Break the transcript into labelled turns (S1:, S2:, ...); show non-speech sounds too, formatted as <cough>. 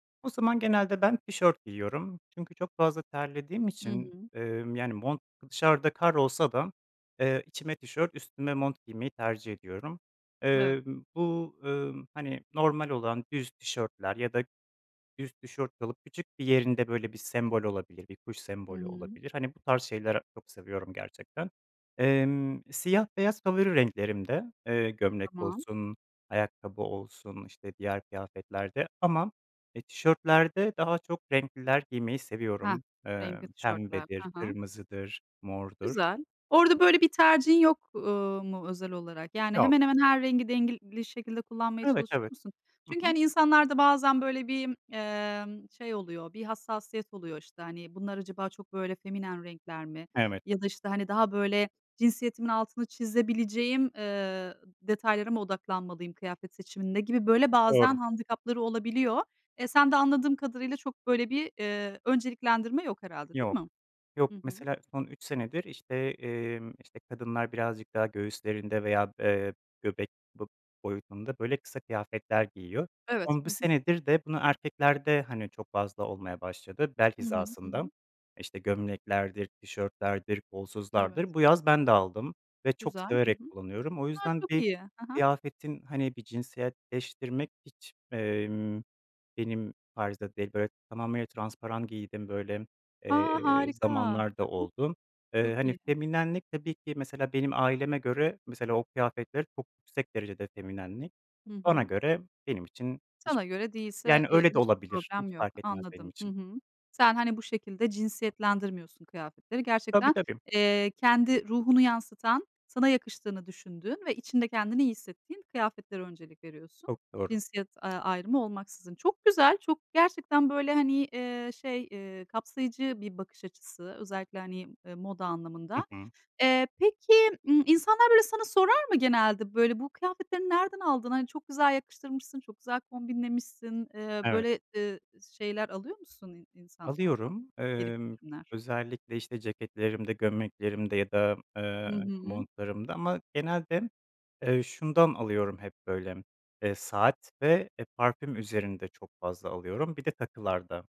S1: O zaman genelde ben tişört giyiyorum çünkü çok fazla terlediğim
S2: Hı
S1: için,
S2: hı.
S1: emm, yani mont dışarıda kar olsa da, eee, içime tişört üstüme mont giymeyi tercih ediyorum.
S2: Evet.
S1: Eee, bu, ımm, hani normal olan düz tişörtler ya da düz tişört alıp küçük bir yerinde böyle bir sembol olabilir, bir kuş
S2: I
S1: sembolü
S2: hı.
S1: olabilir. Hani bu tarz şeyler çok seviyorum gerçekten. Emm, siyah beyaz favori renklerimde, eee, gömlek
S2: Tamam.
S1: olsun, ayakkabı olsun, işte, diğer kıyafetlerde ama e, tişörtlerde daha çok renkliler giymeyi
S2: Heh
S1: seviyorum. Eee,
S2: renkli tişörtler.
S1: pembedir,
S2: Hı hı.
S1: kırmızıdır, mordur.
S2: Güzel. Orada
S1: <unintelligible>
S2: böyle bir tercihin yok, uuu, mu özel olarak? Yani
S1: Yok.
S2: hemen hemen her rengi dengeli şekilde kullanmaya
S1: Evet,
S2: çalışıyor
S1: evet.
S2: musun?
S1: Hı
S2: Çünkü
S1: hı.
S2: hani insanlarda bazen böyle bir, emm, şey oluyor, bir hassasiyet oluyor, işte. Hani bunlar acaba çok böyle feminen renkler mi
S1: Evet.
S2: ya da, işte, hani daha böyle cinsiyetimin altını çizebileceğim, eee, detaylara mı odaklanmalıyım kıyafet seçiminde? Gibi böyle bazen
S1: Doğru.
S2: handikapları olabiliyor. Eee, sende anladığım kadarıyla çok böyle bir, ııı, önceliklendirme yok herhâlde, değil
S1: Yok,
S2: mi?
S1: yok.
S2: Hı hı.
S1: Mesela son 3 senedir, işte, emm, kadınlar birazcık daha göğüslerinde veya, eee, göbek bo boyutunda böyle kısa kıyafetler giyiyor.
S2: Evet.
S1: Ama
S2: Hı
S1: 1
S2: hı.
S1: senedir de bunu erkeklerde, hani, çok fazla olmaya başladı bel
S2: Hı hı. Hı
S1: hizasında.
S2: hı.
S1: İşte, gömleklerdir, tişörtlerdir, kolsuzlardır. Bu
S2: Evet.
S1: yaz ben de aldım ve çok
S2: Güzel. Hı
S1: severek
S2: hı.
S1: kullanıyorum. O
S2: A,
S1: yüzden
S2: çok
S1: bir
S2: iyi. Hı hı.
S1: kıyafetin hani bir cinsiyetleştirmek hiç, emm, benim tarzda değil böyle tamamıyla transparan giydiğim böyle,
S2: A,
S1: eee,
S2: harika.
S1: zamanlarda
S2: Hı hı.
S1: oldu. Eee,
S2: Çok
S1: hani
S2: iyi.
S1: feminenlik, tabii ki, mesela benim aileme göre, mesela, o kıyafetleri çok yüksek derecede feminenli.
S2: Hı
S1: Bana
S2: hı.
S1: göre benim için hiç
S2: Sana göre değilse,
S1: yani
S2: eee,
S1: öyle de
S2: hiçbir
S1: olabilir hiç
S2: problem yok.
S1: fark etmez benim
S2: Anladım. Hı
S1: için.
S2: hı. Sen hani bu şekilde cinsiyetlendirmiyorsun kıyafetleri.
S1: Tabii
S2: Gerçekten,
S1: tabii.
S2: eee, kendi ruhunu yansıtan, sana yakıştığını düşündüğün ve içinde kendini iyi hissettiğin kıyafetlere öncelik veriyorsun.
S1: Çok doğru.
S2: Cinsiyet, eee, ayrımı olmaksızın. Çok güzel, çok gerçekten böyle hani, eee, şey, eee, kapsayıcı bir bakış açısı. Özellikle hani, eee, moda
S1: Hı
S2: anlamında.
S1: hı.
S2: Eee, peki, ımm, insanlar, böyle, sana sorar mı genelde böyle, bu kıyafetlerini nereden aldın, hani çok güzel yakıştırmışsın, çok güzel kombinlemişsin? Eee,
S1: Evet.
S2: böyle, ııı, şeyler alıyor musun in insanlardan,
S1: Alıyorum,
S2: geri
S1: emm,
S2: bildirimler?
S1: özellikle, işte, ceketlerimde gömleklerimde ya da,
S2: Hı
S1: ııı,
S2: hı.
S1: montlarımda ama genelde, eee, şundan alıyorum hep, böyle, saat ve, eee, parfüm üzerinde çok fazla alıyorum bir de takılarda.